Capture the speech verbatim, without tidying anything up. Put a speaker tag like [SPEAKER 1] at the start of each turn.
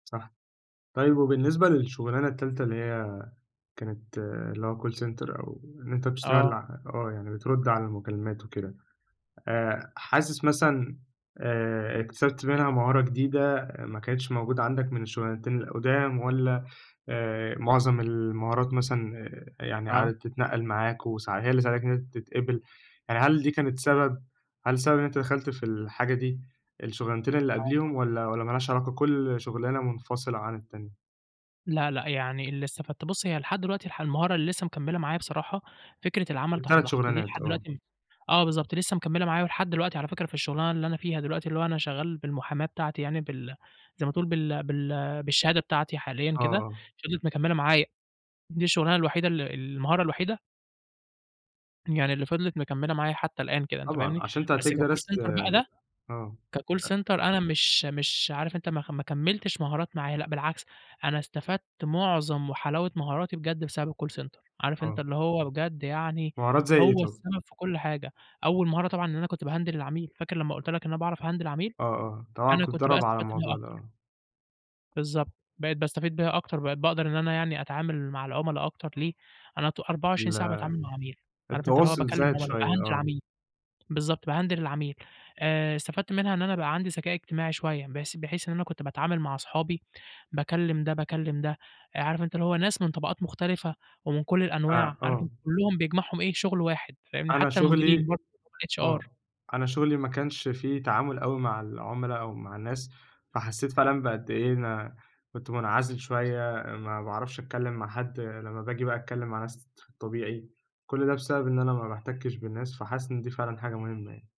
[SPEAKER 1] صح. طيب وبالنسبة للشُغلانة التالتة اللي هي كانت اللي هو call center أو إن أنت بتشتغل
[SPEAKER 2] آه.
[SPEAKER 1] ع آه، يعني بترُد على المكالمات وكده، آآ حاسِس مثلًا آآ اكتسبت منها مهارة جديدة، ما كانتش موجودة عندك من الشُغلانتين القُدَام والّا آآ، معظم المهارات مثلًا آآ، يعني
[SPEAKER 2] آه.
[SPEAKER 1] قَعدِت تتنقَّل معاك وساع هي اللي ساعدتك إن أنت تتقبل، يعني هل دي كانت سبب؟ هل سبب إن أنت دخَلت في الحاجة دي الشُغلانتين اللي
[SPEAKER 2] آه،
[SPEAKER 1] قبليهم
[SPEAKER 2] طبعًا.
[SPEAKER 1] والّا والّا مالهاش علاقة، كل شُغلانة مُنفصلة عن التانية؟
[SPEAKER 2] لأ، لأ. يعني اللي استفدته بُص هي لحد دلوقتي الح المهارة اللي لسّه مكمّلة معايا بصراحة، فكرة العمل تحت
[SPEAKER 1] التلات
[SPEAKER 2] ضغط، دي
[SPEAKER 1] شُغلانات
[SPEAKER 2] لحد
[SPEAKER 1] آه.
[SPEAKER 2] دلوقتي آه بالضبط، لسّه مكمّلة معايا ولحد دلوقتي على فكرة في الشُغلانة اللي أنا فيها دلوقتي اللي هو أنا شغّال بالمحاماة بتاعتي يعني بال زي ما تقول بال بال بالشهادة بتاعتي حاليًا
[SPEAKER 1] آه،
[SPEAKER 2] كده،
[SPEAKER 1] آه.
[SPEAKER 2] فِضلِت مكمّلة معايا، دي الشُغلانة الوحيدة ال المهارة الوحيدة يعني اللي فِضلِت مكمّلة معايا حتّى الآن كده، أنت
[SPEAKER 1] طبعًا.
[SPEAKER 2] فاهمني؟
[SPEAKER 1] عشان أنت
[SPEAKER 2] بس
[SPEAKER 1] هتلاقيك
[SPEAKER 2] كcall
[SPEAKER 1] درست
[SPEAKER 2] center بقى ده،
[SPEAKER 1] آه.
[SPEAKER 2] كcall
[SPEAKER 1] أ
[SPEAKER 2] center أنا مش مش عارف أنت ما خ ما كمّلتش مهارات معايا لأ، بالعكس، أنا استفدت معظم وحلاوة مهاراتي بجد بسبب الcall center. عارف أنت
[SPEAKER 1] آه.
[SPEAKER 2] اللي هو بجد يعني
[SPEAKER 1] مهارات زي إيه
[SPEAKER 2] هو
[SPEAKER 1] طَب؟
[SPEAKER 2] السبب في كل حاجة. أول مهارة طبعًا إن أنا كنت باهندِل العميل، فاكر لمّا قُلت لك إن أنا باعرف أهندل العميل؟
[SPEAKER 1] آه، آه. طبعًا
[SPEAKER 2] أنا
[SPEAKER 1] كنت
[SPEAKER 2] كنت بقى
[SPEAKER 1] متدرّب على
[SPEAKER 2] استفدت بيها
[SPEAKER 1] الموضوع ده
[SPEAKER 2] أكتر.
[SPEAKER 1] آه.
[SPEAKER 2] بالضبط. بقيت باستفيد بيها أكتر، بقيت باقدر إن أنا يعني أتعامل مع العُملا أكتر، ليه؟ أنا طو أربعة وعشرين ساعة
[SPEAKER 1] ال
[SPEAKER 2] باتعامل مع عميل، عارف أنت اللي هو
[SPEAKER 1] التواصل
[SPEAKER 2] باكلّم
[SPEAKER 1] زايد
[SPEAKER 2] عُملا،
[SPEAKER 1] شوية،
[SPEAKER 2] باهندِل
[SPEAKER 1] آه.
[SPEAKER 2] عميل، بالضبط، باهندِل العميل. آآ استفدت منها إن أنا بقى عندي ذكاء اجتماعي شوية، بحيث بحيث إن أنا كنت باتعامل مع اصحابي باكلّم ده، باكلّم ده، آآ، عارف أنت اللي هو ناس من طبقات مختلفة ومن كل
[SPEAKER 1] آآ،
[SPEAKER 2] الأنواع، عارف
[SPEAKER 1] آه.
[SPEAKER 2] أنت كُلّهم بيجمعهم إيه، شُغل واحد، فاهمني؟
[SPEAKER 1] أنا
[SPEAKER 2] حتّى المديرين
[SPEAKER 1] شُغلي
[SPEAKER 2] بر الHR.
[SPEAKER 1] آه. أنا شُغلي ما كانش فيه تعامل أوي مع العُملا أو مع الناس، فحسّيت فعلًا بقد إيه أنا كنت مُنعزل شوية، ما باعرفش أتكلّم مع حد لمّا باجي بقى أتكلّم مع ناس في الطبيعي، كل ده بسبب إن أنا ما باحتكِّش بالناس، فحاسِس إن دي فعلًا حاجة مهمة يعني.